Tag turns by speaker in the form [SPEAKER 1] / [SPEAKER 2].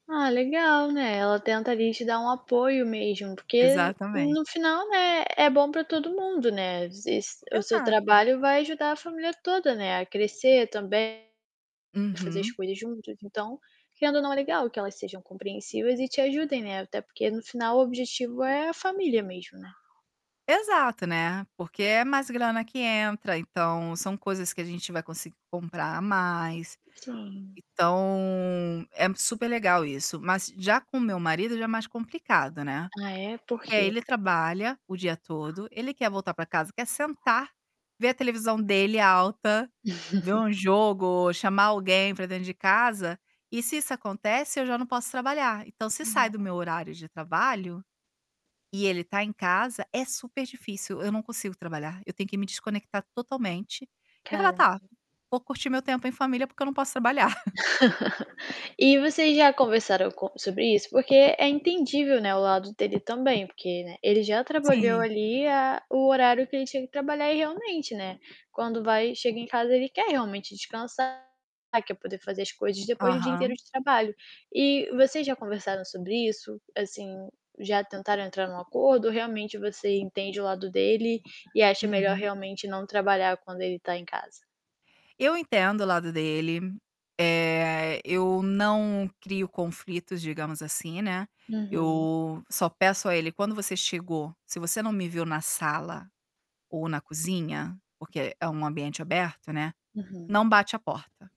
[SPEAKER 1] Ah, legal, né, ela tenta, ali, te dar um apoio mesmo, porque no
[SPEAKER 2] Exatamente.
[SPEAKER 1] final, né, é bom para todo mundo, né, se o seu
[SPEAKER 2] Exato.
[SPEAKER 1] trabalho vai ajudar a família toda, né, a crescer também, a fazer as
[SPEAKER 2] Uhum.
[SPEAKER 1] coisas juntos. Então querendo ou não, é legal que elas sejam compreensivas e te ajudem, né, até porque no final, o objetivo é a família mesmo, né.
[SPEAKER 2] Exato, né. Porque é mais grana que entra, então são coisas que a gente vai conseguir comprar a mais.
[SPEAKER 1] Sim.
[SPEAKER 2] Então, é super legal isso, mas já com o meu marido já é mais complicado, né.
[SPEAKER 1] Ah é? Por
[SPEAKER 2] Porque aí
[SPEAKER 1] quê?
[SPEAKER 2] ele trabalha o dia todo, ele quer voltar para casa, quer sentar, ver a televisão dele alta, ver um jogo, chamar alguém pra dentro de casa, e se isso acontece eu já não posso trabalhar, então se
[SPEAKER 1] Hum,
[SPEAKER 2] sai do
[SPEAKER 1] é.
[SPEAKER 2] meu horario de trabalho e ele tá em casa, é super difícil, eu não consigo trabalhar, eu tenho que me desconectar totalmente e falar: "Tá,
[SPEAKER 1] Caramba.
[SPEAKER 2] vou curtir meu tempo em família porque eu não posso trabalhar".
[SPEAKER 1] E vocês já conversaram com sobre isso? Porque é entendível, né, o lado dele também porque, né, ele já trabalhou
[SPEAKER 2] Sim.
[SPEAKER 1] ali a o horário que ele tinha que trabalhar e realmente, né, quando vai chega em casa, ele quer realmente descansar, quer poder fazer as coisas depois de um dia inteiro
[SPEAKER 2] Aham.
[SPEAKER 1] de trabalho. E vocês já conversaram sobre isso? Assim, já tentaram entrar em um acordo ou realmente você entende o lado dele e acha melhor
[SPEAKER 2] Uhum.
[SPEAKER 1] realmente não trabalhar quando ele está em casa?
[SPEAKER 2] Eu entendo o lado dele, eh, eu não crio conflitos, digamos, assim, né,
[SPEAKER 1] Uhum.
[SPEAKER 2] eu só peço a ele: "Quando você chegou, se você não me viu na sala ou na cozinha porque é um ambiente aberto, né, não
[SPEAKER 1] Uhum.
[SPEAKER 2] bate a porta".